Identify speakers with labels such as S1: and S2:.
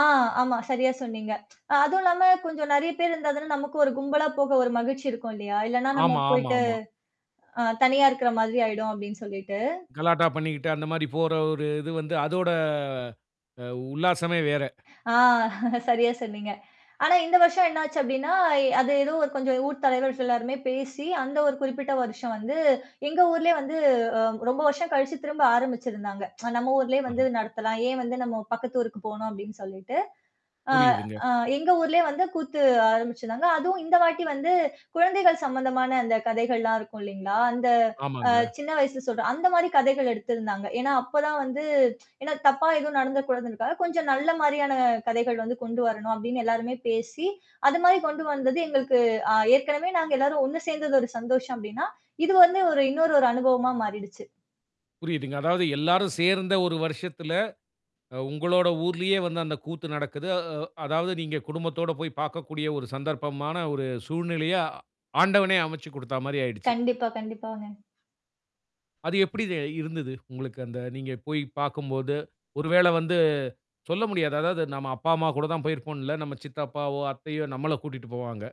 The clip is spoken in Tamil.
S1: ஆ, ஆமா. சரியா சொன்னீங்க. அதுவும் இல்லாம கொஞ்சம் நிறைய பேர் இருந்தா தானே நமக்கு ஒரு கும்பலா போக ஒரு மகிழ்ச்சி இருக்கும் இல்லையா. இல்லன்னா நம்ம
S2: ஆமா, ஆமா,
S1: போய்ட்டு
S2: ஆமாமா.
S1: ஆ தனியா இருக்கிற மாதிரி ஆயிடும் அப்படின்னு சொல்லீட்டு.
S2: கலாட்டா பண்ணிக்கிட்டு, அந்த மாரி போர ஒரு இது வந்து அதோட அ உல்லாசமே வேற.
S1: ஆ, சரியா சொன்னீங்க. ஆனா இந்த வருஷம் என்ன ஆச்சு அப்படின்னா, அ அது எதோ ஒரு ஊர் கொஞ்சம் ஊர் தலைவர்கள் எல்லாருமே பேசி அந்த ஒரு குறிப்பிட்ட வருஷம் வந்து எங்க ஊர்லேயே வந்து அ ரொம்ப வருஷம் கழிச்சு திரும்ப ஆரம்பிச்சுருந்தாங்க. நம்ம ஊர்லேயே வந்து
S2: அ.
S1: நடத்தலாம் ஏன் வந்து நம்ம பக்கத்து ஊருக்கு போணும் அப்டின்னு சொல்லிட்டு. ஆ,
S2: புரியுதுங்க.
S1: அ எங்க ஊர்லயே வந்து கூத்து ஆரம்பிச்சுருந்தாங்க. அதுவும் இந்த வாட்டி வந்து குழந்தைகள் சம்பந்தமான அந்த கதைகள்லாம் இருக்கும் இல்லீங்களா அந்த அ
S2: ஆமாங்க.
S1: சின்ன வயசுல சொல்ற அந்த மாதிரி கதைகள் எடுத்திருந்தாங்க. ஏன்னா அப்பதான் வந்து ஏன்னா தப்பா எதுவும் நடந்தரக்கூடாதுன்றக்காக கொஞ்சம் நல்ல மாரியான கதைகள் வந்து கொண்டு வரணும் அப்படின்னு எல்லாருமே பேசி, அது மாதிரி கொண்டு வந்தது எங்களுக்கு அ ஏற்கனவே நாங்க எல்லாரும் ஒண்ணு சேர்ந்தது ஒரு சந்தோஷம் அப்டின்னா இது வந்து ஒரு இன்னொரு ஒரு அனுபவமா மாறிடுச்சு.
S2: புரிதுங்க. அதாவது எல்லாரும் சேர்ந்த ஒரு வருஷத்துல, அ உங்களோட ஊர்லயே வந்து அந்த கூத்து நடக்குது. அ, வ் அதாவது நீங்க குடும்பத்தோட போய் பாக்கக்கூடிய ஒரு சந்தர்ப்பமான ஒரு சூழ்நிலைய ஆண்டவனே அமைச்சு கொடுத்தா மாரி ஆயிடுச்சு.
S1: கண்டிப்பா, கண்டிப்பாங்க.
S2: அது எப்டி தே இருந்தது உங்களுக்கு அந்த, நீங்க போய் பார்க்கும்போது. ஒரு வேளை வந்து சொல்ல முடியாது, அதாவது நம்ம அப்பா, அம்மா கூட தான் போயிருப்போம்ன்னு இல்ல. நம்ம சித்தப்பாவோ, அத்தையோ நம்மள கூட்டிக்கிட்டு போவாங்க.